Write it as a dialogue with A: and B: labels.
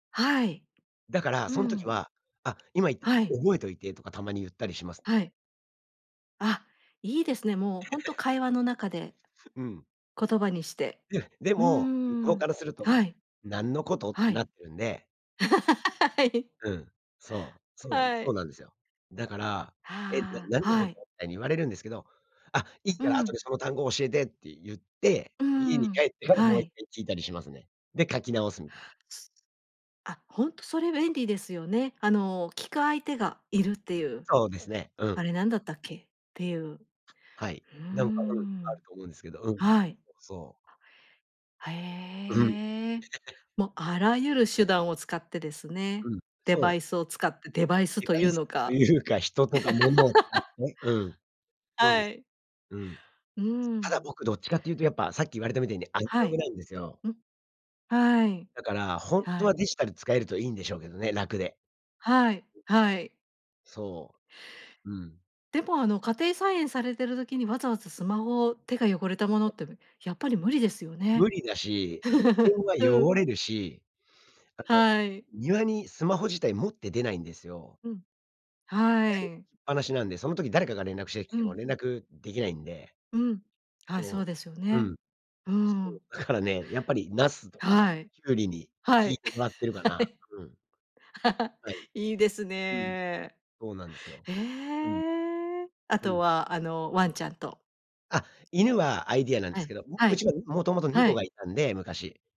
A: はい。
B: だから
A: う
B: そん時
A: ん。
B: は「あ、今言ってた
A: は
B: の
A: い。
B: 覚えといて」とかたまにゆったりします。
A: はい。あ、いいですね。もうほんと 会話の中で、
B: うん。
A: 言葉にして。
B: うん、で
A: うー
B: も、向こう
A: ん。
B: からする
A: は
B: と
A: い。
B: 「何のこと？」っ
A: は
B: て
A: い。
B: なってるんで。
A: はい。
B: うん、そう、そうなんです。
A: は
B: そ
A: い。
B: うなんですよ。だから「え、な
A: は
B: 何
A: あ。
B: の
A: は
B: こと？」
A: い。
B: みたいに言われるんですけど、「あ、いい
A: う
B: から後で
A: ん。
B: その単語を教えて」ってゆって、
A: うー
B: 家に
A: ん、
B: 帰っても
A: は
B: ういっか
A: い。
B: い聞いたりしますね。で、書き直すみたいな。
A: すあ、ほんとそれ便利ですよね、あの聞く相手がいるっていう。
B: そうですね。う
A: 「あれ
B: ん。
A: 何だったっけ？」っていう。う
B: はい。
A: ー
B: なんか、うん、あ
A: ん。
B: ると思うんですけど。うん。
A: はい。
B: そうそう。
A: あ、
B: うん。
A: へえ。も、あらゆる手段を使ってですね。
B: うん、
A: デ
B: そ
A: バ
B: う。
A: イスを使ってデバイス
B: デ
A: と
B: バ
A: い
B: イ
A: う
B: ス
A: の
B: と
A: か。
B: いうか、人とか物を使っ て、うん。そうで
A: は
B: す。
A: い。
B: うん。
A: うー
B: ただ
A: ん。
B: 僕、どっちかって言うとやっぱさっき言われたみたいにアナ
A: は
B: ログ
A: い。
B: なんですよ。
A: ん、はい。
B: だから、ほん
A: は
B: とは
A: い。
B: デジタル使えるといいんでしょうけどね、楽で。うん。
A: はい。はい。
B: そう、うん。
A: でも、あの、家庭菜園されてる時にわざわざスマホ手が汚れたもの
B: [unintelligible]
A: ってむやっぱり無理ですよ
B: 無
A: ね？
B: 理だし、あの、電 話
A: う
B: 汚
A: ん。
B: れるし、あの
A: はい。
B: 庭にスマホ自体持って出ないんですよ。
A: うん、
B: 部屋に置き
A: は
B: っ
A: い。
B: ぱなしなんで、その時誰かが連絡してき
A: う
B: ても
A: ん。
B: 連絡できないんで。
A: うん。あ、そう
B: そ
A: ですよ
B: う。う
A: ね。
B: ん。
A: うー
B: そう。
A: ん。
B: だからね、やっぱり茄子とか
A: はい。
B: 胡瓜に
A: は
B: 聞い
A: い、
B: てもらってるか
A: は
B: な。
A: い。
B: うん。はい。
A: いいです
B: うん、
A: ね。
B: そうなんですよ。
A: へ
B: うん。
A: え。あ
B: う
A: と
B: ん。
A: はあの、ワンちゃんと。
B: あ、犬はアイデアなんで
A: は
B: すけ
A: い、
B: ど、う
A: は
B: う
A: い。
B: ちは元々
A: は
B: 猫
A: い。
B: がいたんで、昔。